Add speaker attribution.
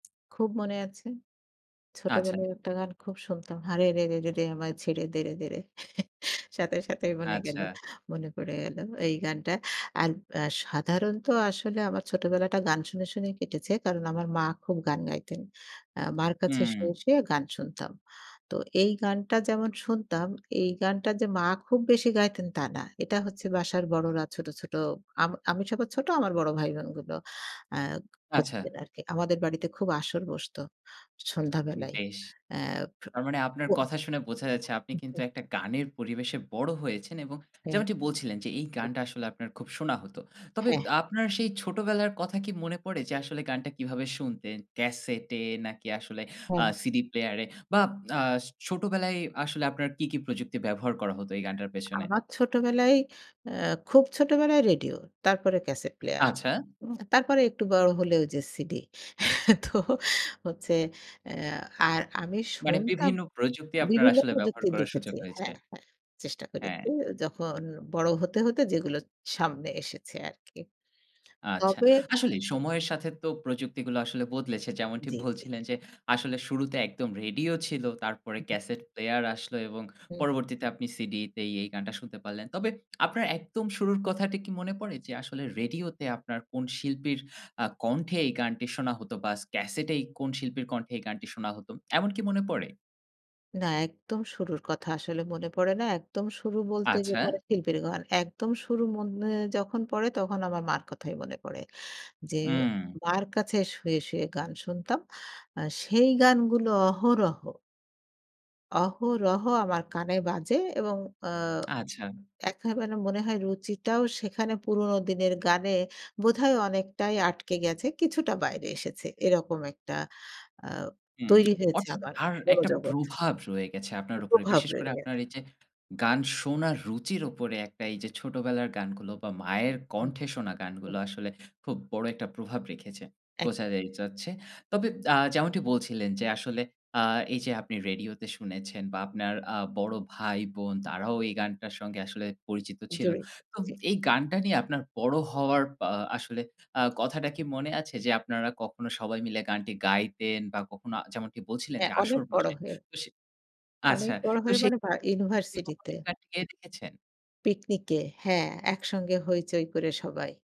Speaker 1: খুব মনে আছে।
Speaker 2: আচ্ছা।
Speaker 1: ছোটবেলায় একটা গান খুব শুনতাম। 'হারে রে রে রে রে, আমায় ছেড়ে দে রে দে রে' সাথে, সাথেই মনে গেল
Speaker 2: আচ্ছা।
Speaker 1: মনে পড়ে গেল এই গানটা। আর আ সাধারণত আসলে আমার ছোটবেলাটা গান শুনে, শুনেই কেটেছে কারণ আমার মা খুব গান গাইতেন। আ মার কাছে শুয়ে,
Speaker 2: হুম।
Speaker 1: শুয়ে গান শুনতাম। তো এই গানটা যেমন শুনতাম এই গানটা যে মা খুব বেশি গাইতেন তা না। এটা হচ্ছে বাসার বড়রা ছোট, ছোট আম আমি সবার ছোট আমার বড় ভাইবোনগুলো আ ক
Speaker 2: আচ্ছা।
Speaker 1: করতেন আরকি। আমাদের বাড়িতে খুব আসর বসত। সন্ধ্যাবেলায়
Speaker 2: বেশ।
Speaker 1: অ্যা
Speaker 2: তার মানে আপনার
Speaker 1: কো
Speaker 2: কথা শুনে বোঝা যাচ্ছে, আপনি কিন্তু
Speaker 1: [unintelligible]
Speaker 2: একটা গানের পরিবেশে বড় হয়েছেন। এবং যেমনটি বলছিলেন যে এই
Speaker 1: [unintelligible]
Speaker 2: গানটা আসলে আপনার খুব শোনা হত। তবে দ
Speaker 1: হ্যাহ
Speaker 2: আপনার সেই ছোটবেলার কথা কি মনে পড়ে যে আসলে গানটা কিভাবে শুনতেন? ক্যাসেটে নাকি আসলে আ
Speaker 1: হুম।
Speaker 2: সিডি প্লেয়ার-এ বা আ ছোটবেলায় আসলে আপনার কী, কী প্রযুক্তি ব্যবহার করা হত এই গানটার পেছনে?
Speaker 1: আমার ছোটবেলায় অ্যা খুব ছোটবেলায় রেডিও। তারপরে ক্যাসেট প্লেয়ার।
Speaker 2: আচ্ছা।
Speaker 1: উ তারপরে একটু বড় হলে ওই যে সিডি। তো হচ্ছে অ্যা আর আমি
Speaker 2: মানে
Speaker 1: শুনতাম
Speaker 2: বিভিন্ন প্রযুক্তি আপনার
Speaker 1: বিভিন্ন
Speaker 2: আসলে ব্যবহার
Speaker 1: প্রযুক্তি
Speaker 2: করার সুযোগ
Speaker 1: দেখেছি
Speaker 2: হয়েছে।
Speaker 1: হ্যাঁ, হ্যাঁ, চেষ্টা করেছি।
Speaker 2: হ্যাঁ।
Speaker 1: যখন বড় হতে, হতে যেগুলো সামনে এসেছে আরকি।
Speaker 2: আচ্ছা।
Speaker 1: তবে
Speaker 2: আসলেই সময়ের সাথে তো প্রযুক্তিগুলা আসলে বদলেছে। যেমনটি
Speaker 1: জ্বী, জ্বী।
Speaker 2: বলছিলেন, যে আসলে শুরুতে একদম রেডিও ছিল তারপরে
Speaker 1: উ হু।
Speaker 2: ক্যাসেট প্লেয়ার আসলো। এবং
Speaker 1: হু।
Speaker 2: পরবর্তীতে আপনি সিডি তেই এই গানটা শুনতে পারলেন। তবে আপনার একদম শুরুর কথাটা কি মনে পড়ে? যে আসলে রেডিওতে আপনার কোন শিল্পীর আ কণ্ঠে এই গানটি শোনা হতো বা স ক্যাসেটে কোন শিল্পীর কণ্ঠে এই গানটি শোনা হত। এমন কি মনে পড়ে?
Speaker 1: না, একদম শুরুর কথা আসলে মনে পড়ে না। একদম শুরু বলতে
Speaker 2: আচ্ছা।
Speaker 1: গেলে [unintelligible] শিল্পীর গান। একদম শুরু মনে যখন পড়ে তখন আমার মার কথাই মনে পড়ে। যে
Speaker 2: হু।
Speaker 1: মার কাছে শুয়ে, শুয়ে গান শুনতাম। আ সেই গানগুলো অহরহ অহরহ আমার কানে বাজে। এবং আ
Speaker 2: আচ্ছা।
Speaker 1: একেবারে মনে হয় রুচিটাও সেখানে পুরোনো দিনের গানে বোধহয় অনেকটাই আটকে গেছে। কিছুটা বাইরে এসেছে। এরকম একটা আ
Speaker 2: হুম,
Speaker 1: তৈরি হয়েছে
Speaker 2: অর্থাৎ
Speaker 1: আমার
Speaker 2: তার একটা
Speaker 1: মনোজগৎ।
Speaker 2: প্রভাব রয়ে গেছে আপনার
Speaker 1: একটু
Speaker 2: উপরে।
Speaker 1: প্রভাব
Speaker 2: বিশেষ করে
Speaker 1: রয়ে
Speaker 2: আপনার
Speaker 1: গেছে।
Speaker 2: এই যে, গান শোনার রুচির উপরে একটা এই যে ছোটবেলার গানগুলো বা মায়ের
Speaker 1: হুম।
Speaker 2: কণ্ঠে শোনা
Speaker 1: হুম।
Speaker 2: গানগুলো আসলে খুব বড় একটা প্রভাব রেখেছে।
Speaker 1: এক
Speaker 2: বোঝা যাই যাচ্ছে। তবে আ যেমনটি বলছিলেন, যে আসলে আ এই যে আপনি রেডিওতে শুনেছেন বা আপনার আ বড় ভাই-বোন তারাও এই গানটার সঙ্গে আসলে পরিচিত ছিল।
Speaker 1: জড়িত
Speaker 2: তো
Speaker 1: জ্বী।
Speaker 2: এই গানটা নিয়ে আপনার বড় হওয়ার আ আসলে আ কথাটা কি মনে আছে? যে আপনারা কখনো সবাই মিলে গানটি গাইতেন বা কখনো যেমনটি বলছিলেন যে
Speaker 1: হ্যাঁ, অনেক
Speaker 2: আসর
Speaker 1: বড়
Speaker 2: বসে।
Speaker 1: হয়ে
Speaker 2: তো সে
Speaker 1: অনেক
Speaker 2: আচ্ছা,
Speaker 1: বড়
Speaker 2: তো
Speaker 1: হয়ে
Speaker 2: সে
Speaker 1: মানে ভা
Speaker 2: কখনো
Speaker 1: ইউনিভার্সিটিতে।
Speaker 2: [unintelligible] ছে
Speaker 1: পিকনিকে। হ্যাঁ, একসঙ্গে হৈচৈ করে সবাই।